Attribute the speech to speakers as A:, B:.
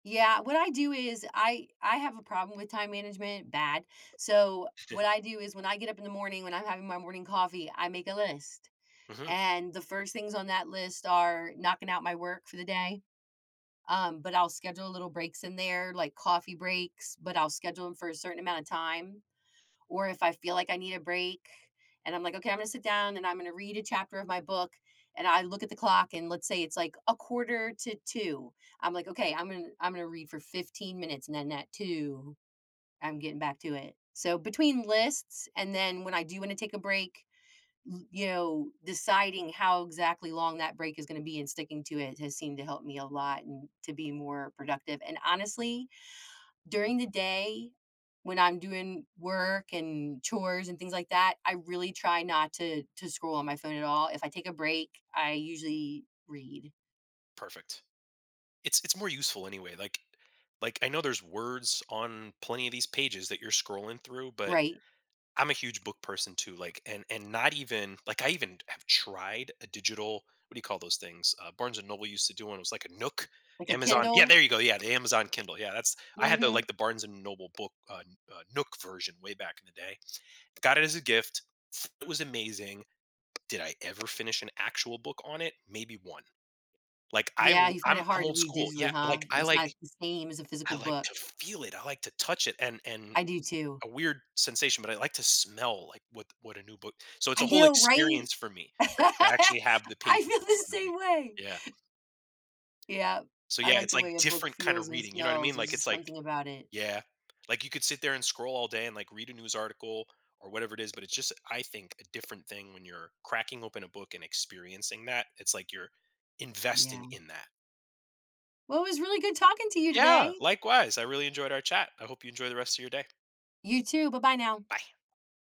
A: Yeah, what I do is, I I have a problem with time management- bad- so, what I do is, when I get up in the morning, when I'm having my morning coffee, I make a list,
B: Mhm.
A: and the first things on that list are, knocking out my work for the day, um, but I'll schedule a little breaks in there, like, coffee breaks, but I'll schedule 'em for a certain amount of time, or if I feel like I need a break, and I'm like, "Okay, I'm gonna sit down, and I'm gonna read a chapter of my book, and I look at the clock, and let's say, it's, like, a quarter to 2:00, I'm like, "Okay, I'm in I'm gonna read for 15 minutes, and then at 2:00, I'm getting back to it." So, between lists, and then when I do wanna take a break, l yo deciding how exactly long that break is gonna be and sticking to it, has seemed to help me a lot, and to be more productive, and honestly, during the day, when I'm doing work, and chores, and things like that, I really try not to to scroll on my phone at all. If I take a break, I usually read.
B: Perfect. It's it's more useful anyway, like like, I know there's words on plenty of these pages that you're scrolling through, but
A: Right.
B: I'm a huge book person, too, like and and not even like, I even t have tried a digital what do you call those things? Uh, Barnes& Noble used to do one, it was, like, a Nook.
A: Like a
B: Amazon Yeah,
A: Kindle?
B: there you go, yeah, the Amazon Kindle, yeah, that's I had the
A: Mhm.
B: like, the Barnes& Noble book, un uh, Nook version, way back in the day. Got it as a gift, it was amazing. Did I ever finish an actual book on it? Maybe 1. Like, I
A: Yeah,
B: wo
A: you find
B: I'm
A: it
B: I'm
A: hard to
B: old
A: read
B: school. Yeah,
A: digitally, huh?
B: like, I
A: It's
B: like
A: not the same as a
B: I
A: physical
B: like
A: book.
B: to feel it, I like to touch it, and and
A: I do too.
B: a weird sensation, but I like to smell, like, what what a new book So, it's
A: I
B: a whole
A: know, right?
B: experience for me, that to actually have the
A: I
B: pages
A: feel
B: in
A: the
B: front of me.
A: same way.
B: Yeah.
A: Yep.
B: So,
A: I
B: yeah,
A: like
B: it's,
A: the way
B: like,
A: a book
B: different kinda
A: feels and
B: reading, you know what I
A: smells,
B: mean,
A: there's
B: like, it's,
A: just
B: like
A: something about it.
B: Yeah. Like, you could sit there and scroll all day, and, like, read a news article, or whatever it is, but it's just a I think, a different thing when you're cracking open a book and experiencing that, it's like you're investing
A: Yeah.
B: in that.
A: Well, it was really good talking to you
B: Yeah!
A: today.
B: Likewise, I really enjoyed our chat. I hope you enjoy the rest of your day.
A: You too, bye-bye now.
B: Bye.